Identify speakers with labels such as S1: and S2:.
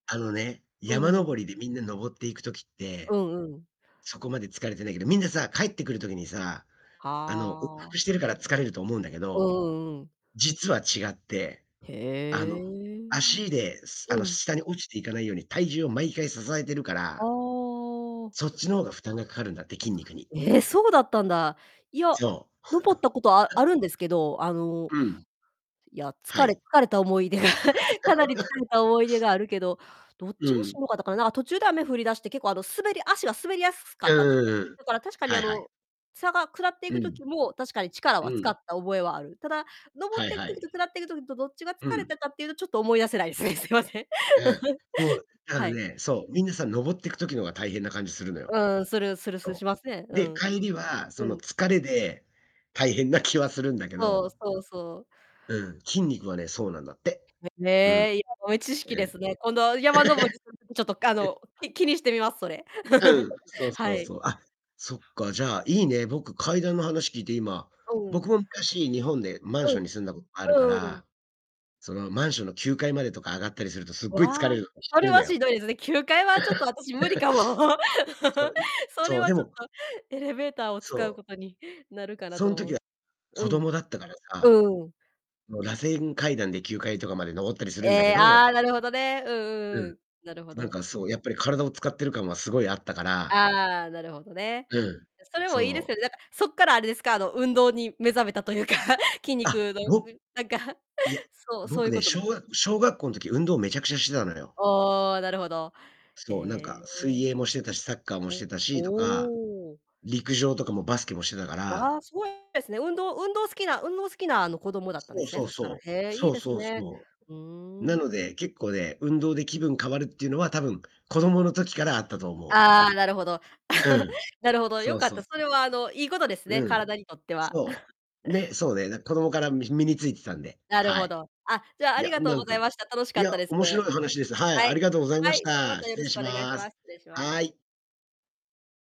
S1: あのね、
S2: う
S1: 山
S2: ー
S1: 登
S2: ん。
S1: りでみんな登っていく時って、
S2: うんうん。
S1: そこまで疲れてないけど、みんなさ、帰ってくる時にさ
S2: は
S1: あ、あの、往復
S2: あ。
S1: してるから疲れると思うんだけ
S2: う
S1: ど、
S2: んうんうん。
S1: 実は違って、あ
S2: へ
S1: の、
S2: え。
S1: 足で、すあの、
S2: うん。
S1: 下に落ちていかないように体重を毎回支えてるか
S2: あ
S1: ら
S2: あ。
S1: そっちの方が負担がかかるんだって、筋肉に。
S2: え！そうだったんだ。いや、
S1: そう。
S2: 登ったことあ あるんですけど、あの、
S1: うん。
S2: いや、
S1: は
S2: 疲れ
S1: い。
S2: 疲れた思い出が、かなり疲 れた思い出があるけど、どっ
S1: う
S2: ちがしん
S1: ん。
S2: どかったかな、なん、あ、途中で雨降り出して、結構あの滑り足が滑りやすすか
S1: え、う
S2: っ
S1: ん
S2: たんです
S1: うん
S2: ね。
S1: うんうん。
S2: だから確かに
S1: はい
S2: あ
S1: はい。
S2: の、さが下ってい
S1: う
S2: く
S1: ん。
S2: 時も確かに力は
S1: う
S2: 使っ
S1: ん。
S2: た覚えはある。ただ、登
S1: は
S2: っ
S1: い
S2: てく
S1: は
S2: 時と
S1: い。
S2: 下ってく時とどっちが
S1: う
S2: 疲れ
S1: ん。
S2: たかっていうとちょっと思い出せないですね。すいません。
S1: あん。もう、だから
S2: はい。
S1: ね、そう、皆さん登ってく時の方が大変な感じするのよ。
S2: うん、するするする、
S1: そ
S2: しますね。
S1: う。
S2: う
S1: で、
S2: ん。
S1: 帰りはそ
S2: う
S1: の
S2: ん。
S1: 疲れで大変な気はするんだけ
S2: そう、
S1: ど
S2: そうそう。
S1: うん。筋肉はね、そうなんだって。
S2: え、
S1: うん。
S2: ね、いや豆知識
S1: え、う
S2: で
S1: ん。
S2: すね。今度は山登り [unintelligible] ちょっとかあの、うき気にしてみます、それ。
S1: うん。そうそ
S2: は
S1: う
S2: い。
S1: そう。あ、そっか。じゃあいいね。僕階段の話聞いて今、
S2: うん。
S1: 僕も昔日本でマン
S2: う
S1: ショ
S2: ん。
S1: ンに住んだことあるか
S2: うーん、うん。
S1: ら、そのマンションの9階までとか上がったりするとす
S2: う
S1: ごい疲
S2: わ、
S1: れるの [unintelligible] 知っ
S2: そ
S1: て
S2: れ
S1: るの
S2: はしん
S1: よ。
S2: どいですね。9階はちょっと私無理かも。
S1: そ う、ん
S2: それ
S1: そう、
S2: は
S1: で
S2: ちょっ
S1: も
S2: とエレベーターを使
S1: そ
S2: う
S1: う。
S2: ことになるかな
S1: そ
S2: と
S1: ん
S2: 思
S1: 時
S2: う。
S1: は
S2: う
S1: 子
S2: ん。
S1: 供だったからさ、あ
S2: うん。
S1: の螺旋階段で9階とかまで登ったりするんだけ
S2: え、
S1: ど
S2: ああ、なるほどね、うん
S1: う
S2: うんう
S1: ん。
S2: ん。なるほ
S1: なん
S2: ど。
S1: かそう、やっぱり体を使ってる感はすごいあったから
S2: ああ、なるほどね。
S1: うん、
S2: だそれもいいです
S1: そ
S2: よ
S1: う。
S2: ね、なんかそっからあれですか、あの、運動に目覚めたというか、筋
S1: あ、
S2: 肉の、
S1: ろ
S2: [unintelligible] なんか、
S1: いや、
S2: そう、そうい
S1: 僕
S2: うこ
S1: ね、小
S2: と
S1: 学小学校の時、運動めちゃくちゃしてたのよ。
S2: ああ、なるほど。
S1: そう、なんか、
S2: へ
S1: 水
S2: え。
S1: 泳もしてたし、サッカーもして
S2: お、
S1: たしとか、
S2: おお。
S1: 陸上とかもバスケもしてたか
S2: わ
S1: ら
S2: あ、すごいですね、運動運動好きな運動好きなあの、子供だったんで
S1: そう
S2: すね、
S1: そう
S2: そしたら、
S1: そう。
S2: へえ、いい
S1: そう
S2: です
S1: そう
S2: ね。
S1: そう。
S2: う
S1: う
S2: ー
S1: な
S2: ん。
S1: ので、結構ね、運動で気分変わるっていうのは多分、子供の時からあったと思う。
S2: ああ、なるほど。
S1: う ん。
S2: なるほど、
S1: そ
S2: 良
S1: う
S2: かっ
S1: そう
S2: た、そ
S1: そう。
S2: れはあの、いいことですね、
S1: うん。
S2: 体にとっては。
S1: そう、ね、そうね。なんか子供からみひ身についてたんで。
S2: なる
S1: は
S2: ほ
S1: い。
S2: ど。あ、じゃああ
S1: い
S2: り
S1: や、
S2: がとう
S1: なん
S2: ござい
S1: か
S2: ました。楽し
S1: い
S2: かっ
S1: や、
S2: たです。
S1: 面白い
S2: は
S1: 話です。はい、あり
S2: い。
S1: がとうございま
S2: は
S1: し
S2: い、ではま
S1: た。
S2: たよ
S1: 失
S2: ろ
S1: 礼
S2: しく
S1: し
S2: お願いし
S1: ま
S2: ま
S1: す。
S2: す。失礼しま
S1: は
S2: す。
S1: い。